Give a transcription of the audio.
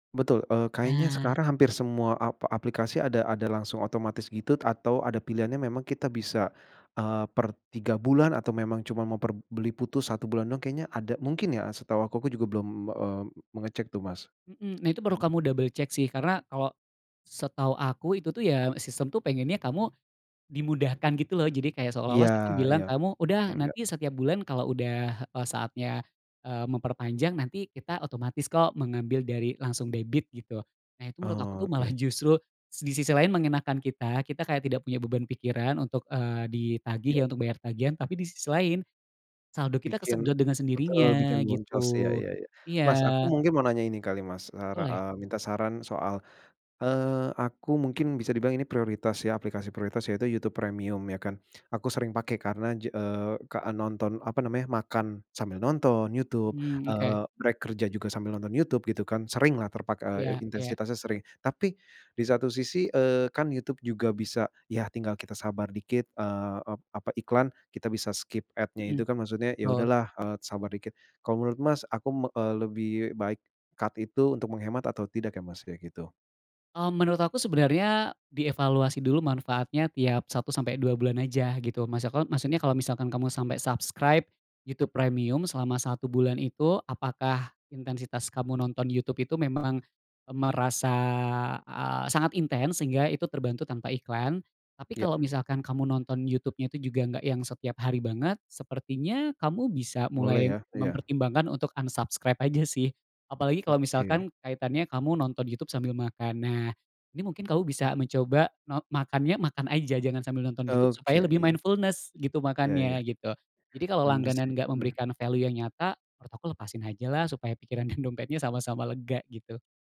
Betul, eee, kayaknya Nah. sekarang hampir semua ap aplikasi ada ada langsung otomatis gitu, atau ada pilihannya memang kita bisa, eee, per 3 bulan atau memang cuma mau per beli putus 1 bulan doang kayaknya ada mungkin ya setahu aku juga belum, eee, mengecek tuh, Mas. Mhm, nah Itu perlu kamu double check sih karena kalau setahu aku itu tuh ya, sistem tuh pengennya kamu dimudahkan gitu loh jadi kayak Iya seolah-olah sistem bilang, iya, "kamu udah, enggak. nanti setiap bulan kalau udah, eee, saatnya, eee, memperpanjang nanti kita otomatis kok mengambil dari langsung debit" gitu. Nah, itu menurut aku tuh malah Oke. justru di sisi lain mengenakkan kita, kita kayak tidak punya beban pikiran untuk, eee, Ya. ditagih ya untuk bayar tagihan tapi di sisi lain, saldo kita Bikin kesedot dengan betul, bikin sendirinya boncos ya gitu, ya ya. iya. Mas, aku mungkin mau nanya ini kali, Mas, sara Boleh. eee, minta saran soal, eee, aku mungkin bisa dibilang ini prioritas ya, aplikasi prioritas yaitu YouTube Premium ya, kan aku sering pakai karena ja eee, ka nonton apa namanya, makan sambil nonton YouTube, Hmm, oke. eee, rek kerja juga sambil nonton YouTube gitu kan. Sering lah terpak Iya iya. intensitasnya sering tapi di satu sisi, eee, kan YouTube juga bisa, ya tinggal kita sabar dikit eee, apa iklan kita bisa skip ad-nya itu Mhm, kan maksudnya ya betul. udahlah, eee, sabar dikit kalau menurut, Mas, aku, eee, lebih baik cut itu untuk menghemat atau tidak ya, Mas, kayak gitu? Mmm, menurut aku sebenarnya di evaluasi dulu manfaatnya tiap 1 sampai 2 bulan aja, gitu. Maksad maksudnya kalau misalkan kamu sampai subscribe YouTube Premium selama 1 bulan itu, apakah intensitas kamu nonton youtube itu memang merasa, eee, sangat intens sehingga itu terbantu tanpa iklan? Tapi kalau Iya. misalkan kamu nonton YouTube-nya tuh juga nggak yang setiap hari banget sepertinya kamu bisa Boleh mulai ya, iya. mempertimbangkan untuk unsubscribe aja sih apalagi kalau Oke. misalkan kaitannya kamu nonton YouTube sambil makan. Nah, ini mungkin kamu bisa mencoba no makannya, makan aja jangan sambil nonton YouTube Oke, supaya lebih iya. mindfulness gitu Iya makannya, iya. gitu. Jadi kalau Benar sih, langganan nggak mhm. memberikan value yang nyata, menurut aku lepasin aja lah supaya pikiran dan dompetnya sama-sama lega gitu.